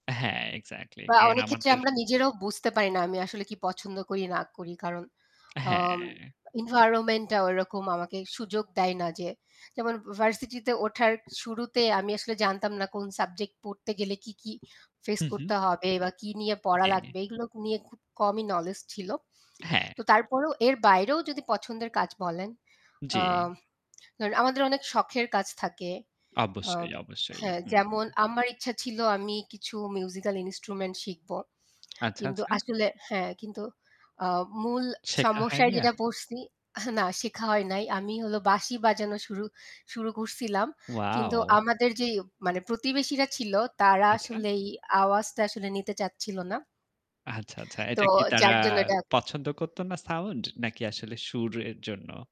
হ্যাঁ, এক্সাক্টলি বা কারণ অনেক ক্ষেত্রে আমাদের আমরা নিজেরাও বুঝতে পারি না আমি আসলে কি পছন্দ করি না করি। কারণ আ হ্যাঁ। এনভায়রনমেন্টটা ওরকম আমাকে সুযোগ দেয় না যে যেমন ভার্সিটি তে ওঠার শুরুতে আমি আসলে জানতাম না কোন সাবজেক্ট পড়তে গেলে কি, কি ফেস হু-হু। করতে হবে বা কি নিয়ে পড়া জ্বী। লাগবে এগুলো নিয়ে খুব কমই নলেজ ছিল। হ্যাঁ। তো তারপরেও এর বাইরেও যদি পছন্দের কাজ বলেন আ জ্বি। ধরেন আমাদের অনেক শখের কাজ থাকে। অ অবশ্যই, অবশ্যই। হ্যাঁ হুম। যেমন আমার ইচ্ছা ছিল আমি কিছু মিউজিক্যাল ইন্সট্রুমেন্ট শিখব। আচ্ছা, কিন্তু আচ্ছা। আসলে হ্যাঁ, কিন্তু আ মূল শেখা সমস্যায় হয়নি আর? যেটা পড়ছি না শেখা হয় নাই। আমি হলো বাঁশি বাজানো শুরু শুরু করছিলাম। কিন্তু ওয়াও! আমাদের যে মানে প্রতিবেশীরা ছিল তারা আচ্ছা। আসলেই এই আওয়াজটা আসলে নিতে চাচ্ছিল না। আচ্ছা, আচ্ছা। তো এটা কি তারা যার জন্য এটা পছন্দ করত না সাউন্ড নাকি আসলে সুর এর জন্য?